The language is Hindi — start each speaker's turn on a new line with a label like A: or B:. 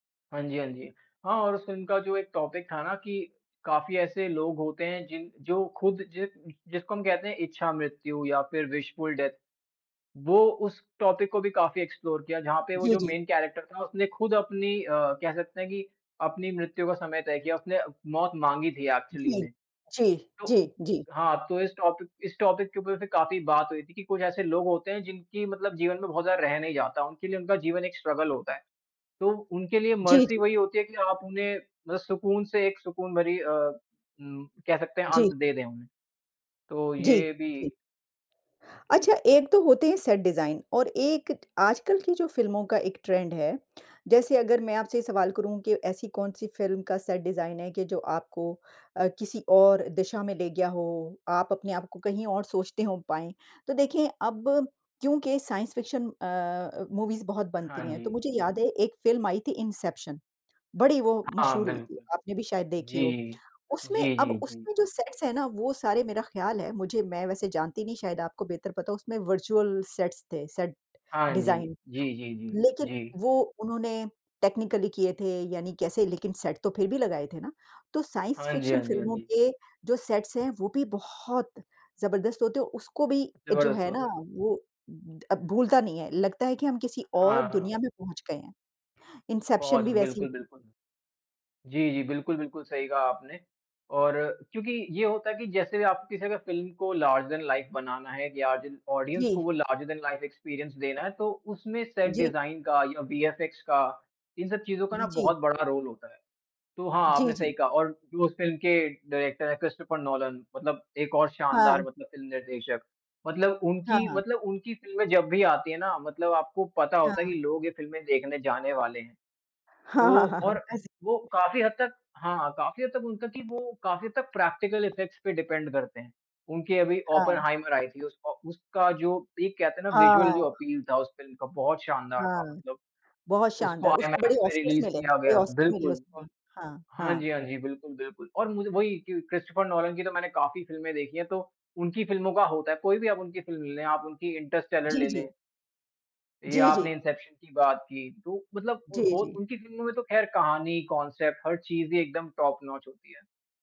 A: हाँ जी, हाँ जी। हाँ और उस फ़िल्म का जो एक टॉपिक था ना कि काफ़ी ऐसे लोग होते हैं जिन जो ख़ुद जिस जिसको हम कहते हैं इच्छा मृत्यु या फिर विशफुल डेथ, वो उस टॉपिक को भी काफ़ी एक्सप्लोर किया, जहाँ पे वो
B: जी,
A: जो
B: जी।
A: मैन करैक्टर था उसने खुद अपनी अ, कह सकते है कि अपनी मृत्यु का समय तय किया। उसने मौत मांगी थी एक्चुअली
B: जी।
A: में।
B: जी। जी,
A: तो
B: जी।
A: हाँ, तो इस टॉपिक इस टॉपिक के ऊपर से काफ़ी बात हुई थी कि कुछ ऐसे लोग होते हैं जिनकी मतलब जीवन में बहुत ज़्यादा रह नहीं जाता, उनके लिए उनका जीवन एक स्ट्रगल होता है। तो उनके लिए
B: जी,
A: मर्जी
B: जी
A: वही होती है कि आप उन्हें मतलब सुकून से एक सुकून भरी अ, उम, कह सकते हैं
B: जी।
A: अंत दे दें उन्हें। तो
B: जी,
A: ये
B: जी।
A: भी
B: अच्छा, एक तो होते हैं सेट डिजाइन और एक आजकल की जो फ़िल्मों का एक ट्रेंड है, जैसे अगर मैं आपसे ये सवाल करूँ कि ऐसी कौन-सी फ़िल्म का सेट डिजाइन है कि जो आपको अ, किसी और दिशा में ले गया हो, आप अपने आपको कहीं और सोचते हों पाएँ। तो देखिए अब क्योंकि साइंस फ़िक्शन अ, मूवीज़ बहुत
A: हाँ
B: बनती हैं। तो
A: जी।
B: मुझे याद है एक फ़िल्म आई थी इंसेप्शन, बड़ी वो
A: हाँ
B: मशहूर हुई थी।
A: बिल्कुल।
B: आपने भी शायद देखी हो।
A: जी।
B: उसमें
A: जी,
B: अब
A: जी, जी।
B: उसमें जो सेट्स हैं ना वो सारे मेरा ख्याल है, मुझे मैं वैसे जानती नहीं, शायद आपको बेहतर पता हो, उसमें वर्चुअल सेट्स थे, सेट
A: हाँ जी।
B: डिजाइन।
A: जी, जी, जी।
B: लेकिन
A: जी।
B: वो उन्होंने टेक्निकली किए थे यानी कैसे लेकिन सेट तो फिर भी लगाए थे ना। तो साइंस
A: हाँ जी,
B: फ़िक्शन
A: हाँ जी, हाँ
B: फ़िल्मों
A: जी।
B: के जो सेट्स हैं, वो भी बहुत ज़बरदस्त होते हैं। उसको भी जो
A: जबरदस्त
B: है ना
A: होते हैं।
B: वो अब भूलता नहीं है, लगता है कि हम किसी और
A: हाँ, हाँ।
B: दुनिया में पहुँच गए हैं। इंसेप्शन
A: पहुँच
B: भी वैसी ही
A: बिल्कुल,
B: थी।
A: बिल्कुल। जी, जी। बिल्कुल, बिल्कुल। सही कहा आपने। और क्योंकि ये होता है कि जैसे आप किसी का फिल्म को लार्जर दैन लाइफ़ बनाना है या जिन ऑडियंस को
B: जी।
A: वो लार्जर दैन लाइफ़ एक्सपीरियंस देना है तो उसमे सेट
B: जी।
A: डिजाइन का या विएफएक्स का इन सब चीज़ों का ना
B: ज जी।
A: बहुत बड़ा रोल होता है। तो हाँ,
B: जी,
A: आपने सही
B: जी।
A: कहा। और जो उस फ़िल्म के डायरेक्टर हैं, क्रिस्टोफ़र नोलन, मतलब एक और
B: हाँ।
A: शानदार मतलब फ़िल्म निर्देशक। मतलब
B: हाँ,
A: उनकी
B: हाँ।
A: मतलब उनकी फ़िल्में जब भी आती हैं ना, मतलब आपको पता होता है कि
B: हाँ।
A: लोग ये फ़िल्में देखने जाने वाले हैं।
B: हाँ,
A: तो
B: हाँ, हाँ, हाँ।
A: और
B: ऐसी
A: वो काफ़ी हद तक हाँ, हाँ। काफ़ी हद तक उनका कि वो काफ़ी हद तक प्रैक्टिकल इफ़ेक्ट्स पे डिपेंड करते हैं। उनकी अभी
B: हाँ।
A: ओपनहाइमर आयी थी उसको उसका जो पीक कहते हैं ना विज़ुअल जो
B: हाँ।
A: अपील था उस फ़िल्म का बहुत शानदार था
B: हाँ।
A: मतलब।
B: बहुत
A: उसको
B: शानदार। उसको बड़े
A: आईमैक्स में
B: ऑस्कर्स
A: रिलीज़
B: मिले
A: किया
B: बड़े
A: गया था।
B: ऑस्कर मिले
A: बिल्कुल,
B: उसको।
A: बिल्कुल।
B: हाँ,
A: हाँ
B: हाँ।
A: जी, हाँ जी। बिल्कुल, बिल्कुल। और मुझे वही क्रिस्टोफर नोलन की तो मैंने काफ़ी फिल्में देखी हैं तो उनकी फ़िल्मों का होता है, कोई भी आप उनकी फ़िल्म ले आप उनकी इंटरस्टेलर
B: जी,
A: ले
B: जी।
A: लें। ये
B: जी, जी।
A: आपने इंसेप्शन की बात की तो मतलब
B: जी,
A: होत
B: जी।
A: उनकी फ़िल्मों में तो ख़ैर कहानी, कांसेप्ट हर चीज़ ही एकदम टॉप नॉच होती है।